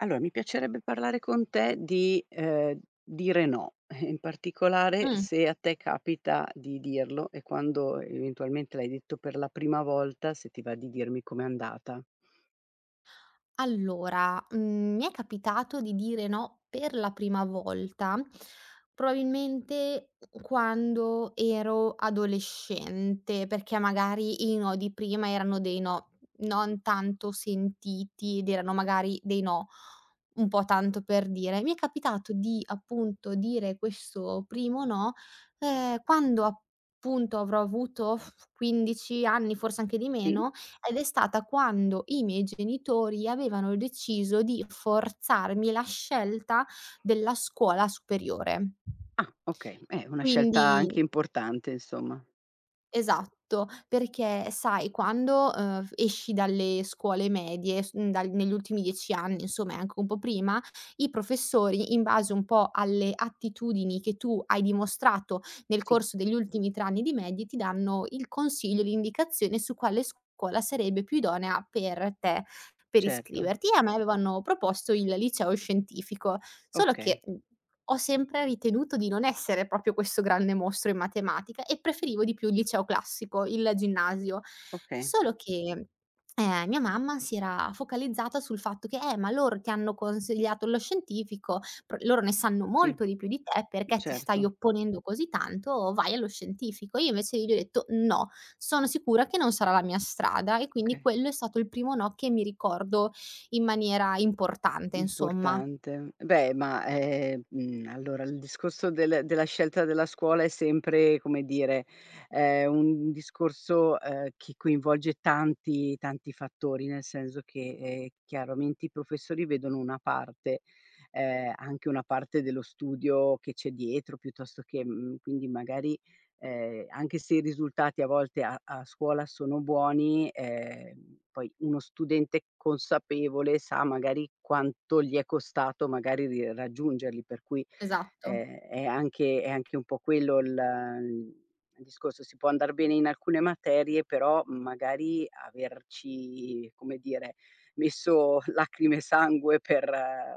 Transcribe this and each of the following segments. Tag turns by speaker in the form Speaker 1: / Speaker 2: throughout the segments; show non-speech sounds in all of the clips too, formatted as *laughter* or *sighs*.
Speaker 1: Allo mi piacerebbe parlare con te di, uhm, dire no, *chuckles* in particolare,
Speaker 2: Mh.
Speaker 1: se a te capita di dirlo, e quando eventualmente l'hai detto per la prima volta, se ti va di dirmi com'è andata?
Speaker 2: Allora, mhmm, mi è capitato di dire no per la prima volta, probabilmente, mh mhmm, quando ero adolescente, perché, magari, i no di prima erano dei no, non tanto sentiti, ed erano magari dei no un po' tanto per dire. Mi è capitato di, appunto, dire questo primo no, ehm, quando, appunto, avrò avuto, *blows air* 15 anni, forse anche di
Speaker 1: Sì.
Speaker 2: meno, ed è stata quando i miei genitori avevano deciso di forzarmi la scelta della scuola superiore.
Speaker 1: Ah, okay. Eh, una scelta
Speaker 2: Quindi
Speaker 1: anche importante, insomma.
Speaker 2: Esatto. Perché, sai, quando, uhm, f esci dalle scuole medie s mhmm, dal negli ultimi 10 anni, insomma, e anche un po' prima, i professori, in base un po' alle attitudini che tu hai dimostrato nel
Speaker 1: Sì.
Speaker 2: corso degli ultimi 3 anni di medie, ti danno il consiglio, l'indicazione su quale scuola sarebbe più idonea per te, per
Speaker 1: Certo.
Speaker 2: iscriverti. A me avevano proposto il liceo scientifico; solo che,
Speaker 1: Okay.
Speaker 2: mhmm, ho sempre ritenuto di non essere proprio questo grande mostro in matematica, e preferivo di più il liceo classico, il ginnasio.
Speaker 1: Oka
Speaker 2: Solo che, uhm, mia mamma si era focalizzata sul fatto che: "Eh, ma loro ti hanno consigliato lo scientifico, pro loro ne sanno
Speaker 1: Sì.
Speaker 2: molto di più di te, perché ti stai
Speaker 1: Certo.
Speaker 2: opponendo così tanto? Vai allo scientifico." Io, invece io gli detto: "No. Sono sicura che non sarà la mia strada." E quindi,
Speaker 1: Oka
Speaker 2: quello è stato il primo no che mi ricordo in maniera importante, insomma.
Speaker 1: Importante. Beh, ma, ehm, mhmm, allora il discorso del della scelta della scuola è sempre come dire, è un n discorso, ehm, chi coinvolge tanti, tanti fattori. Nel senso che, ehm, chiaramente i professori vedono una parte, ehm, anche una parte dello studio che c'è dietro piuttosto che mhmm, quindi, magari, ehm, anche se i risultati a volte a a scuola sono buoni, ehm, poi, uno studente consapevole sa, magari, quanto gli è costato, magari, ri raggiungerli, per cui
Speaker 2: Esatto.
Speaker 1: è è anche è anche un po' quello l mhmm, il discorso. Si può andar bene in alcune materie, però, magari, averci, come dire, messo *chuckles* lacrime e sangue per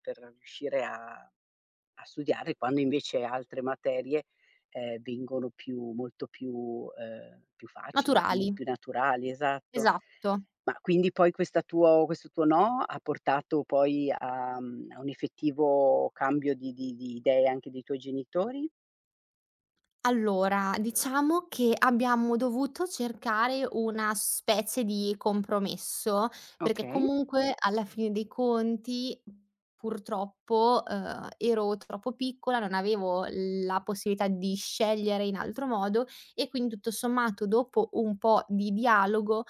Speaker 1: per riuscire a a studiare, quando, invece, altre materie, ehm, vengono più molto più uhm, più facili, più
Speaker 2: Naturali.
Speaker 1: più naturali. Esatto.
Speaker 2: Esatto.
Speaker 1: Ma, quindi, poi, questa tuo questo tuo no, ha portato poi a mhmm, a un effettivo cambio di di di idee anche dei tuoi genitori?
Speaker 2: Allora, diciamo che abbiamo dovuto cercare una specie di compromesso, perché
Speaker 1: Okay.
Speaker 2: comunque alla fine dei conti purtroppo, uhm, ero troppo piccola, non avevo la possibilità di scegliere in altro modo e quindi, tutto sommato, dopo un po' di dialogo,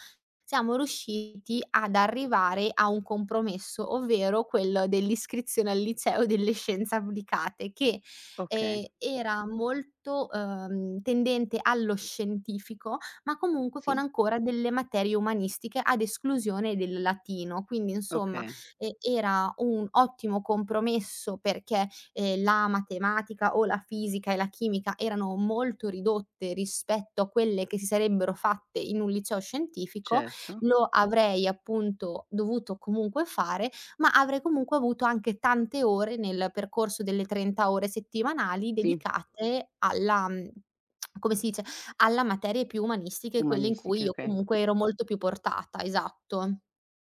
Speaker 2: siamo riusciti ad arrivare a un compromesso, ovvero quello dell'iscrizione al liceo delle scienze applicate, che
Speaker 1: Okay.
Speaker 2: e era molto, uhm, tendente allo scientifico ma comunque con
Speaker 1: Sì.
Speaker 2: ancora delle materie umanistiche ad esclusione del latino. Quindi insomma,
Speaker 1: Okay.
Speaker 2: e era un ottimo compromesso perché, ehm, la matematica o la fisica e la chimica erano molto ridotte rispetto a quelle che si sarebbero fatte in un liceo scientifico,
Speaker 1: Certo.
Speaker 2: lo avrei appunto dovuto comunque fare ma avrei comunque avuto anche tante ore, nel percorso delle 30 ore settimanali,
Speaker 1: Sì.
Speaker 2: dedicate alla, *smacks lips* come si dice, alla materie più umanistiche, quelle in cui
Speaker 1: Umanistiche,
Speaker 2: io
Speaker 1: okay.
Speaker 2: comunque ero molto più portata, esatto.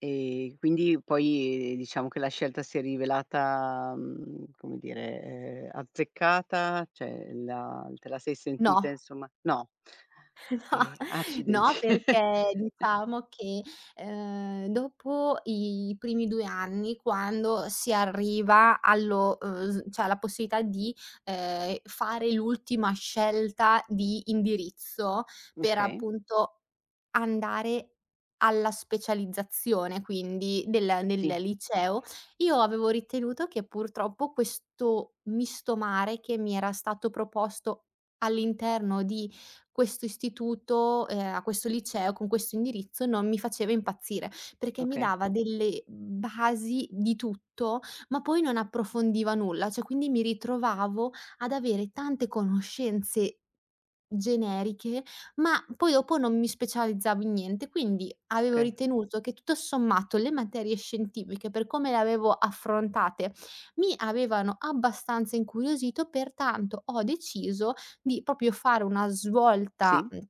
Speaker 1: E quindi poi diciamo che la scelta si è rivelata, mhmm, come dire, ehm, azzeccata, cioè la te la sei sentita,
Speaker 2: No.
Speaker 1: insomma no?
Speaker 2: *chuckles* No.
Speaker 1: Ehm, accidenti.
Speaker 2: No, perché
Speaker 1: *chuckles*
Speaker 2: diciamo che, ehm, dopo i primi 2 anni, quando si arriva allo, uhm, s cioè, alla possibilità di, ehm, fare l'ultima scelta di indirizzo, per
Speaker 1: Okay.
Speaker 2: appunto andare alla specializzazione quindi del nel
Speaker 1: Sì.
Speaker 2: liceo, io avevo ritenuto che purtroppo questo misto mare che mi era stato proposto all'interno di questo istituto, ehm, a questo liceo, con questo indirizzo, non mi faceva impazzire, perché mi
Speaker 1: Okay.
Speaker 2: dava delle basi di tutto, ma poi non approfondiva nulla. Cioè, quindi mi ritrovavo ad avere tante conoscenze generiche, ma poi dopo non mi specializzavo in niente. Quindi avevo
Speaker 1: Okay.
Speaker 2: ritenuto che tutto sommato le materie scientifiche, per come le avevo affrontate, mi avevano abbastanza incuriosito, pertanto ho deciso di proprio fare una svolta,
Speaker 1: Sì.
Speaker 2: mhmm,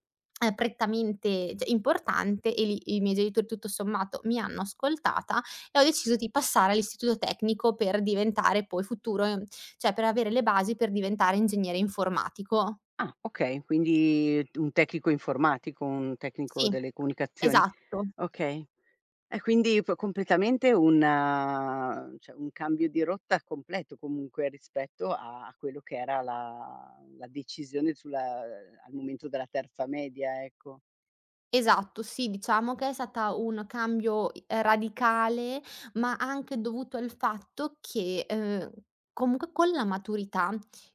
Speaker 2: uhm, prettamente, cioè importante e lì i miei genitori tutto sommato mi hanno ascoltata e ho deciso di passare all'istituto tecnico per diventare poi futuro ehm, cioè per avere le basi per diventare ingegnere informatico.
Speaker 1: Ah, okay, quindi un tecnico informatico, un
Speaker 2: Sì,
Speaker 1: tecnico delle comunicazioni?
Speaker 2: esatto.
Speaker 1: Okay. È quindi po completamente un cioè, un cambio di rotta completo comunque rispetto a quello che era la la decisione sulla al momento della terza media, ecco.
Speaker 2: Esatto sì, diciamo che è stata un cambio, ehm, radicale ma anche dovuto al fatto che, uhm, comunque con la maturità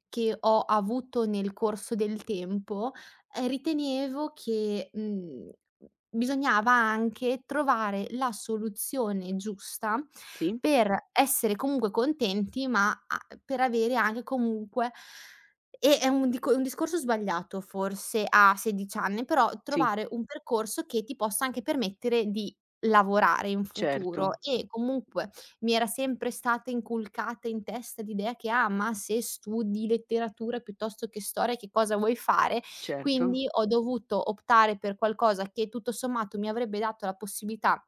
Speaker 2: che ho avuto nel corso del tempo, uhm ritenevo che, mhmm, bisognava anche trovare la soluzione giusta
Speaker 1: Sì.
Speaker 2: per essere comunque contenti, ma a per avere anche comunque e un dico un discorso sbagliato forse a 16 anni, però
Speaker 1: Sì.
Speaker 2: trovare un percorso che ti possa anche permettere di lavorare in futuro
Speaker 1: Certo.
Speaker 2: e comunque mi era sempre stata inculcata in testa l'idea che: "Ah, ma se studi letteratura piuttosto che storia che cosa vuoi fare",
Speaker 1: Certo.
Speaker 2: quindi ho dovuto optare per qualcosa che tutto sommato mi avrebbe dato la possibilità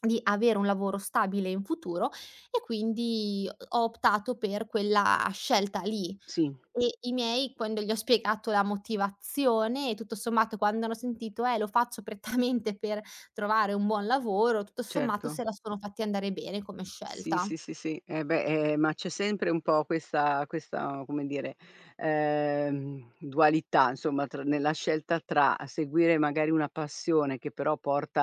Speaker 2: di avere un lavoro stabile in futuro e quindi ho optato per quella scelta lì.
Speaker 1: Sì.
Speaker 2: E i miei quando gli ho spiegato la motivazione e tutto sommato quando hanno sentito: "Eh, lo faccio prettamente per trovare un buon lavoro", tutto sommato se
Speaker 1: Certo.
Speaker 2: la sono fatti andare bene come
Speaker 1: Sì,
Speaker 2: scelta.
Speaker 1: sì, sì, sì, eh beh, eh ma c'è sempre un po' questa questa, come dire, ehm, dualità insomma tr nella scelta tra seguire magari una passione che però porta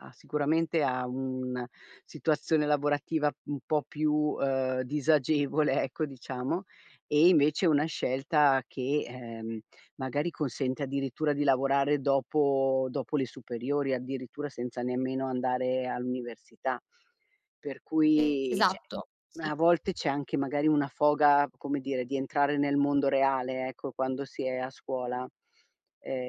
Speaker 1: a sicuramente, a un situazione lavorativa un po' più, uhm, disagevole, ecco diciamo, e invece una scelta che, ehm, magari consente addirittura di lavorare dopo dopo le superiori. Addirittura senza nemmeno andare all'università, per cui cioè,
Speaker 2: Esatto, sì.
Speaker 1: a volte c'è anche magari una foga, come dire, di entrare nel mondo reale ecco, quando si è a scuola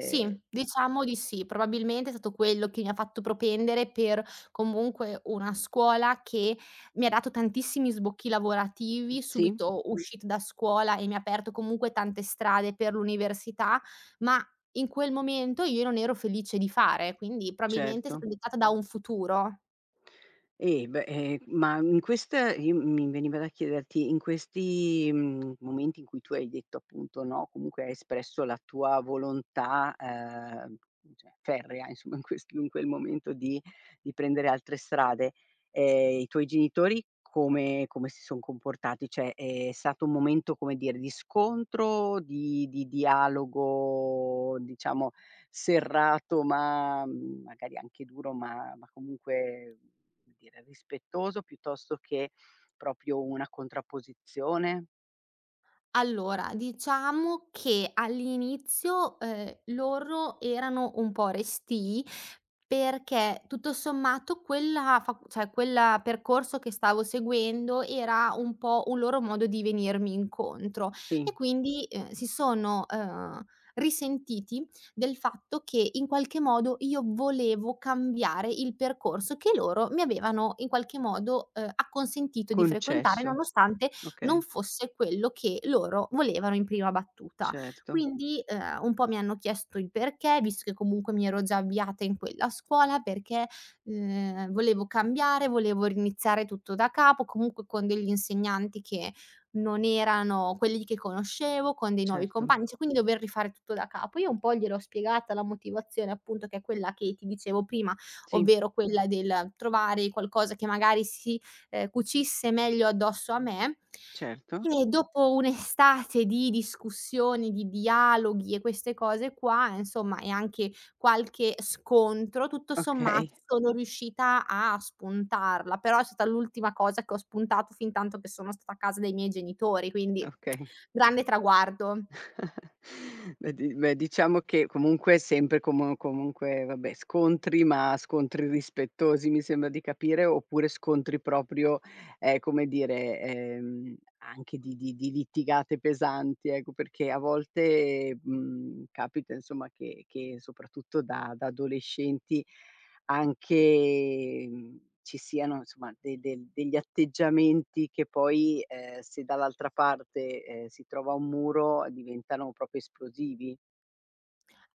Speaker 2: Sì, diciamo di sì. Probabilmente è stato quello che mi fatto propendere per, comunque, una scuola che mi ha dato tantissimi sbocchi lavorativi,
Speaker 1: Sì.
Speaker 2: subito uscita da scuola e mi ha aperto comunque tante strade per l'università, ma in quel momento io non ero felice di fare, quindi probabilmente è
Speaker 1: Certo.
Speaker 2: stata dettata da un futuro.
Speaker 1: Eh beh, ehm, ma in questa in mi veniva da chiederti: in questi, mhmm, momenti in cui tu hai detto, appunto no, comunque hai espresso la tua volontà, ehm, cioè ferrea, insomma, in questo in quel momento di di prendere altre strade, ehm, i tuoi genitori come come si son comportati? Cioè, è stato un momento come dire di scontro, di di dialogo, diciamo, serrato, ma magari anche duro ma ma comunque, come dire, rispettoso, piuttosto che proprio una contrapposizione?
Speaker 2: Allora, diciamo che all'inizio, uhm, loro erano un po' restii perché tutto sommato quella fac cioè, quel percorso che stavo seguendo era un po' un loro modo di venirmi incontro e
Speaker 1: Sì.
Speaker 2: quindi, ehm, si sono, uhm, risentiti del fatto che in qualche modo io volevo cambiare il percorso che loro mi avevano in qualche modo, ehm, acconsentito di frequentare,
Speaker 1: Concesso,
Speaker 2: nonostante non
Speaker 1: okay.
Speaker 2: fosse quello che loro volevano in prima battuta.
Speaker 1: Certo.
Speaker 2: Quindi, ehm, un po' mi hanno chiesto il perché, visto che comunque mi ero già avviata in quella scuola perché, ehm, volevo cambiare, volevo riniziare tutto da capo, comunque con degli insegnanti che non erano quelli di che conoscevo, con dei nuovi
Speaker 1: Certo.
Speaker 2: compagni, cioè quindi dover rifare tutto da capo. Io un po' gliel'ho spiegata la motivazione appunto, che è quella che ti dicevo prima,
Speaker 1: Sì.
Speaker 2: ovvero quella del trovare qualcosa che magari si, ehm, cucisse meglio addosso a me.
Speaker 1: Certo.
Speaker 2: E *sighs* dopo un'estate di discussioni, di dialoghi e queste cose qua insomma, e anche qualche scontro, tutto
Speaker 1: Okay.
Speaker 2: sommato sono riuscita a spuntarla. Però è stata l'ultima cosa che ho spuntato, fintanto che sono stata a casa dai miei genitori, quindi
Speaker 1: Okay.
Speaker 2: *smacks lips* grande traguardo.
Speaker 1: *chuckles* Beh, di beh, diciamo che comunque è sempre como comunque vabbè, scontri ma scontri rispettosi mi sembra di capire, oppure scontri proprio, ehm, come dire, ehm, anche di di di litigate pesanti ecco. Perché a volte, mhmm, capita insomma che che soprattutto da da adolescenti, anche mhmm, ci siano somma de de degli atteggiamenti che poi, ehm, se dall'altra parte, ehm, si trova un muro, diventano proprio esplosivi.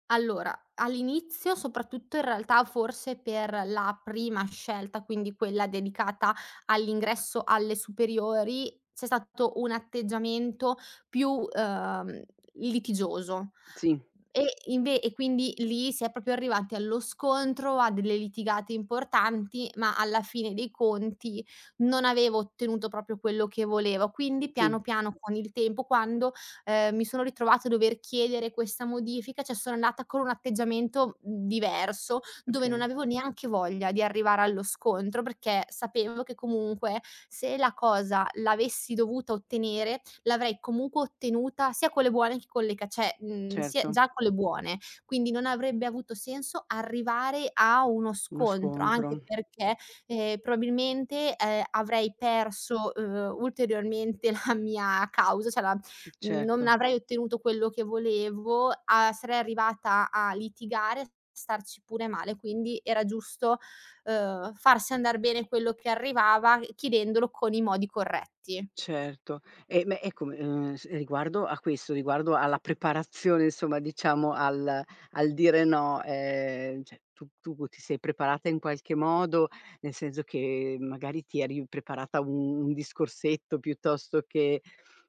Speaker 2: Allora, all'inizio soprattutto, in realtà forse per la prima scelta, quindi quella dedicata all'ingresso alle superiori, c'è stato un atteggiamento più, uhm, litigioso
Speaker 1: Sì.
Speaker 2: e inve e quindi lì si è proprio arrivati allo scontro, a delle litigate importanti, ma alla fine dei conti non avevo ottenuto proprio quello che volevo. Quindi
Speaker 1: Sì.
Speaker 2: piano piano con il tempo quando, ehm, mi sono ritrovata a dover chiedere questa modifica, cioè sono andata con un atteggiamento diverso, dove non
Speaker 1: Okay.
Speaker 2: avevo neanche voglia di arrivare allo scontro, perché sapevo che comunque se la cosa l'avessi dovuta ottenere, l'avrei comunque ottenuta, sia con le buone che con le ca cioè, mhmm, sia
Speaker 1: Certo.
Speaker 2: già con le buone. Quindi non avrebbe avuto senso arrivare a uno
Speaker 1: Uno
Speaker 2: scontro anche
Speaker 1: scontro.
Speaker 2: perché, ehm, probabilmente, ehm, avrei perso, uhm, ulteriormente la mia causa, cioè la non
Speaker 1: Certo.
Speaker 2: avrei ottenuto quello che volevo a sarei arrivata a litigare, starci pure male. Quindi era giusto, ehm, farsi andar bene quello che arrivava chiedendolo con i modi corretti.
Speaker 1: Certo e beh, ecco, ehm, s riguardo a questo, riguardo alla preparazione insomma, diciamo al al dire no, ehm, cioè tu tu ti sei preparata in qualche modo, nel senso che magari ti eri preparata un un discorsetto, piuttosto che,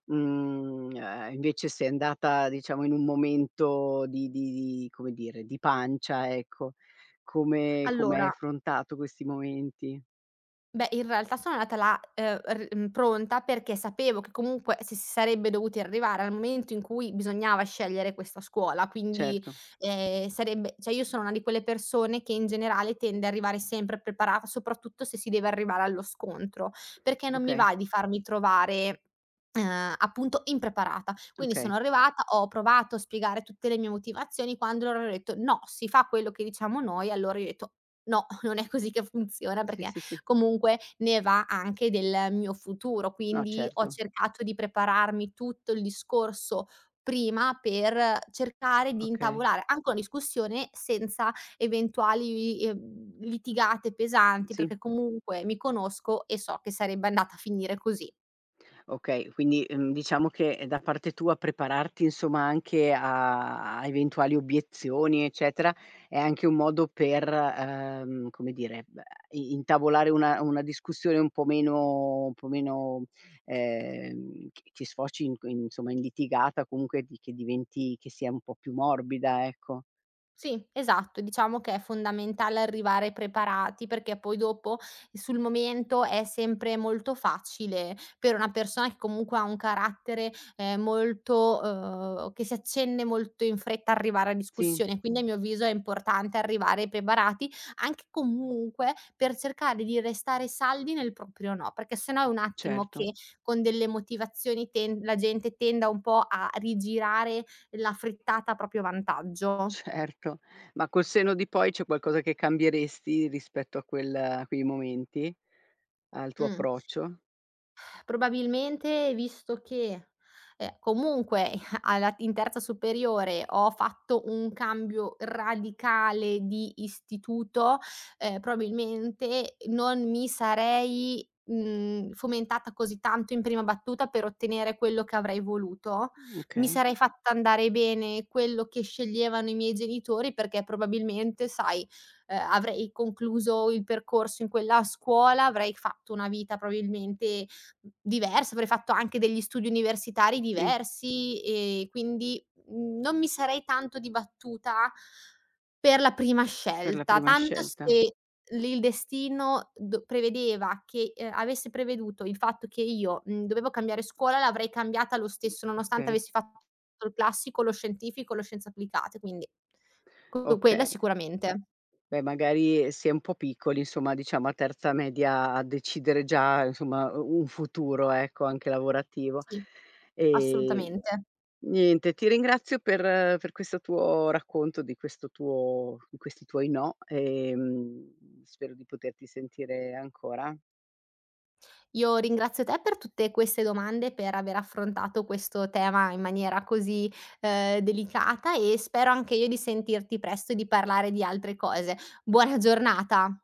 Speaker 1: mhmm, uhm, invece sei andata diciamo in un momento di di di, come dire, di pancia ecco, come come hai
Speaker 2: Allora
Speaker 1: affrontato questi momenti?
Speaker 2: beh, in realtà sono andata là, ehm, r pronta perché sapevo che comunque s si sarebbe dovuti arrivare al momento in cui bisognava scegliere questa scuola. Quindi,
Speaker 1: Certo.
Speaker 2: ehm, sarebbe cioè io sono una di quelle persone che in generale tende a arrivare sempre a preparata, soprattutto se si deve arrivare allo scontro, perché non mi
Speaker 1: Okay.
Speaker 2: va di farmi trovare, uhm, appunto impreparata. Quindi sono
Speaker 1: Okay.
Speaker 2: arrivata, ho provato a spiegare tutte le mie motivazioni, quando loro hanno detto: "No, si fa quello che diciamo noi", allora io ho detto: "No, *chuckles* non è così che funziona,
Speaker 1: Sì,
Speaker 2: perché
Speaker 1: sì, sì.
Speaker 2: comunque ne va anche del mio futuro."
Speaker 1: No,
Speaker 2: Quindi ho
Speaker 1: certo.
Speaker 2: cercato di prepararmi tutto il discorso prima, per cercare di
Speaker 1: Okay.
Speaker 2: intavolare anche una discussione senza eventuali, uhm, litigate pesanti,
Speaker 1: Sì.
Speaker 2: perché comunque mi conosco e so che sarebbe andata a finire così.
Speaker 1: Okay, quindi, mhmm, diciamo che da parte tua prepararti insomma, anche a a eventuali obiezioni, eccetera, è anche un modo per, uhm, come dire b a i intavolare una una discussione un po' meno un po' meno, ehm, che che sfoci inc insomma in litigata, comunque di che diventi che sia un po' più morbida, ecco.
Speaker 2: Sì esatto, diciamo che è fondamentale arrivare preparati perché poi dopo sul momento è sempre molto facile, per una persona che comunque ha un carattere, ehm, molto uhm, che si accende molto in fretta, arrivare a
Speaker 1: Sì.
Speaker 2: discussione, quindi a mio avviso è importante arrivare preparati, anche comunque per cercare di restare saldi nel proprio "no", perché se no è un attimo
Speaker 1: Certo.
Speaker 2: che con delle motivazioni ten la gente tenda un po' a rigirare la frittata a proprio vantaggio.
Speaker 1: Certo, ma col senno di poi c'è qualcosa che cambieresti rispetto a quel a quei momenti? Al tuo
Speaker 2: Mh.
Speaker 1: approccio?
Speaker 2: Probabilmente visto che, ehm, comunque i alla in terza superiore ho fatto un cambio radicale di istituto, ehm, probabilmente non mi sarei, mhmm, fomentata così tanto in prima battuta per ottenere quello che avrei voluto.
Speaker 1: Mh,
Speaker 2: Mi
Speaker 1: okay.
Speaker 2: sarei fatta andare bene quello che sceglievano i miei genitori, perché probabilmente sai, ehm, avrei concluso il percorso in quella scuola, avrei fatto una vita probabilmente diversa, avrei fatto anche degli studi universitari
Speaker 1: Sì.
Speaker 2: diversi e quindi non mi sarei tanto dibattuta per la prima
Speaker 1: Per la
Speaker 2: scelta.
Speaker 1: prima
Speaker 2: Tanto
Speaker 1: scelta.
Speaker 2: se l il destino d prevedeva che avesse preveduto il fatto che io, mhmm, dovevo cambiare scuola l'avrei cambiata lo stesso nonostante
Speaker 1: Okay.
Speaker 2: avessi fatto il classico, lo scientifico, lo scienze applicate. Quindi co quella
Speaker 1: Okay.
Speaker 2: sicuramente, assolutamente.
Speaker 1: Beh, magari si è un po' piccoli insomma, diciamo a terza media decidere già insomma u un futuro ecco, anche lavorativo.
Speaker 2: Sì.
Speaker 1: E
Speaker 2: Assolutamente.
Speaker 1: niente, ti ringrazio per per questo tuo racconto, di questo tuo di questi tuoi "no", ehm, spero di poterti sentire ancora.
Speaker 2: Io ringrazio te per tutte queste domande, per aver affrontato questo tema in maniera così, uhm, delicata e spero anche io di sentirti presto e di parlare di altre cose. Buona giornata.